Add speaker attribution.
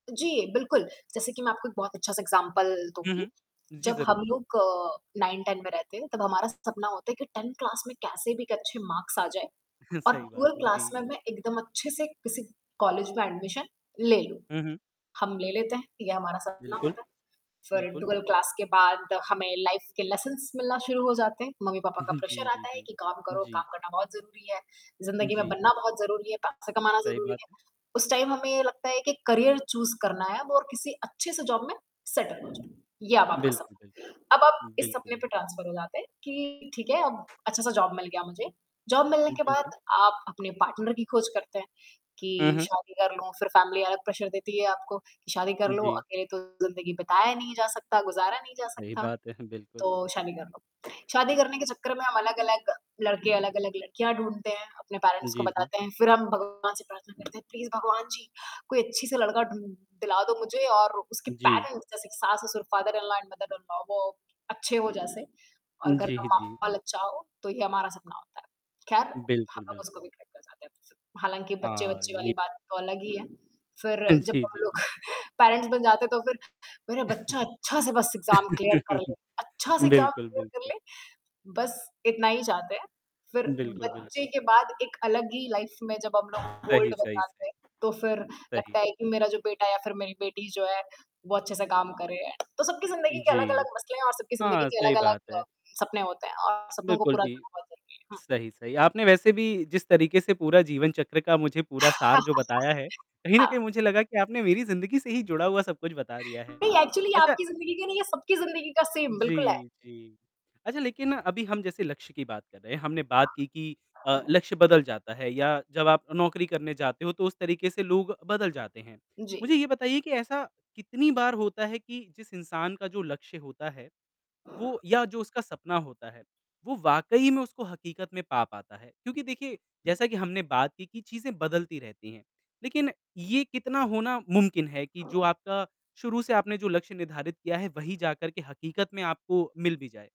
Speaker 1: जी, बिल्कुल, जैसे कि मैं आपको एक बहुत अच्छा-सा एग्ज़ाम्पल
Speaker 2: हुँ,
Speaker 1: दूँगी
Speaker 2: हुँ, जी,
Speaker 1: जब
Speaker 2: ज़रूर।
Speaker 1: हम लोग अ, 9-10 में रहते हैं तब हमारा सपना होता है कि 10 क्लास में कैसे भी एक अच्छे मार्क्स आ जाएँ और
Speaker 2: सही बात
Speaker 1: 12
Speaker 2: है,
Speaker 1: क्लास
Speaker 2: जी।
Speaker 1: में मैं एकदम अच्छे से किसी कॉलेज में एडमिशन ले लूँ।
Speaker 2: हुँ, हुँ।
Speaker 1: हम ले लेते हैं ये हमारा सपना
Speaker 2: बिल्कुल,
Speaker 1: होता है फिर
Speaker 2: बिल्कुल।
Speaker 1: 12 क्लास के बाद हमें लाइफ के लेसन्स मिलना शुरू हो जाते हैं, मम्मी-पापा का प्रेशर
Speaker 2: जी, जी,
Speaker 1: आता है
Speaker 2: जी,
Speaker 1: कि काम करो,
Speaker 2: जी।
Speaker 1: काम करना बहुत ज़रूरी है, ज़िंदगी में
Speaker 2: जी।
Speaker 1: बनना बहुत ज़रूरी है, पैसे कमाना
Speaker 2: सही
Speaker 1: ज़रूरी
Speaker 2: बात।
Speaker 1: है उस टाइम हमें ये लगता है कि करियर चूज़ करना है और किसी अच्छे से जॉब में सेटल हो जाऊँ ये अब आपका
Speaker 2: बिल्कुल,
Speaker 1: सपना,
Speaker 2: बिल्कुल।
Speaker 1: अब आप इस
Speaker 2: बिल्कुल,
Speaker 1: सपने
Speaker 2: बिल
Speaker 1: पे ट्रांसफर हो जाते हैं कि ठीक है अब अच्छा-सा जॉब मिल गया मुझे जॉब मिलने
Speaker 2: उम,
Speaker 1: के
Speaker 2: जी,
Speaker 1: बाद
Speaker 2: जी।
Speaker 1: आप अपने पार्टनर की ख़ोज़ करते हैं
Speaker 2: हुँ,
Speaker 1: कि
Speaker 2: हुँ।
Speaker 1: शादी कर लूँ फिर फैमिली अलग प्रेशर देती है आपको कि शादी कर लो
Speaker 2: जी।
Speaker 1: अकेले तो ज़िंदगी बताया नहीं जा सकता, गुज़ारा नहीं जा
Speaker 2: सही
Speaker 1: सकता,
Speaker 2: बात है बिल्कुल।
Speaker 1: तो शादी कर लो, शादी करने के चक्कर में हम अलग-अलग लड़के अलग-अलग लड़कियाँ ढूँढ़ते हैं, अपने पैरेंट्स को
Speaker 2: जी, जी।
Speaker 1: बताते हैं फिर हम भगवान से प्रार्थना करते हैं, प्लीज़ भगवान जी, कोई अच्छी से लड़का ढूँ दिला दो मुझे और उसके
Speaker 2: जी।
Speaker 1: पैरेंट्स जैसे कि सास-ससुर फादर-इन-लॉ एंड मदर-इन-लॉ वो अच्छे हो जैसे और
Speaker 2: उम,
Speaker 1: घर
Speaker 2: जी, जी।
Speaker 1: माहौल अच्छा हो तो ये हमारा सपना होता है, ख़ैर हम
Speaker 2: बिल्कुल,
Speaker 1: लोग उसको
Speaker 2: बिल्कुल।
Speaker 1: भी खरीदना चाहते हैं हालाँकि
Speaker 2: हाँ,
Speaker 1: बच्चे-बच्चे वाली
Speaker 2: ये
Speaker 1: बात तो अलग ही है फिर
Speaker 2: हाँ
Speaker 1: जब
Speaker 2: जी,
Speaker 1: हम
Speaker 2: जी,
Speaker 1: लोग
Speaker 2: जी।
Speaker 1: पैरेंट्स बन जाते तो फिर, मेरा बच्चा अच्छा से बस एग्ज़ाम क्लियर कर ले, अच्छा-सा एग्ज़ाम
Speaker 2: बिल्कुल,
Speaker 1: क्लियर कर
Speaker 2: बिल्कुल।
Speaker 1: ले बस इतना ही चाहते हैं, फिर
Speaker 2: उम, बिल्कुल,
Speaker 1: बच्चे
Speaker 2: बिल्कुल।
Speaker 1: के बाद एक अलग ही लाइफ में जब हम लोग
Speaker 2: सही,
Speaker 1: ओल्ड हो
Speaker 2: सही,
Speaker 1: जाते
Speaker 2: सही।
Speaker 1: हैं तो फिर
Speaker 2: सही।
Speaker 1: लगता है कि मेरा जो बेटा या फिर मेरी बेटी जो है वो अच्छे से काम करे तो सबकी ज़िंदगी के
Speaker 2: जी,
Speaker 1: अलग-अलग मसले हैं और सबकी ज़िंदगी
Speaker 2: हाँ,
Speaker 1: के
Speaker 2: सही बात है।
Speaker 1: अलग-अलग सपने होते हैं और सपनों को
Speaker 2: बिल्कुल,
Speaker 1: पूरा
Speaker 2: जी,
Speaker 1: करना बहुत जरूरी है, हाँ।
Speaker 2: सही-सही, आपने वैसे भी जिस तरीक़े से पूरा जीवन चक्र का मुझे पूरा सार जो बताया है, कहीं न कहीं
Speaker 1: हाँ।
Speaker 2: मुझे लगा कि आपने मेरी ज़िंदगी से ही जुड़ा हुआ सब-कुछ बता दिया है,
Speaker 1: नहीं एक्चुअली
Speaker 2: अच्छा
Speaker 1: आपकी ज़िंदगी के नहीं ये सबकी ज़िंदगी का सेम बिल्कुल है।
Speaker 2: जी, जी, अच्छा, लेकिन अभी हम जैसे लक्ष्य की बात कर रहे हैं हमने बात की कि अ, लक्ष्य बदल जाता है या जब आप नौकरी करने जाते हो तो उस तरीक़े से लोग बदल जाते हैं।
Speaker 1: जी।
Speaker 2: मुझे ये बताइए कि ऐसा कितनी बार होता है कि जिस इंसान का जो लक्ष्य होता है वो या जो उसका सपना होता है, वो वाक़ई में उसको हकीकत में पा पाता है क्योंकि देखिए जैसा कि हमने बात की कि चीज़ें बदलती रहती हैं लेकिन ये कितना होना मुमकिन है कि जो आपका शुरू से आपने जो लक्ष्य निर्धारित किया है, वही जाकर के हकीकत में आपको मिल भी जाए?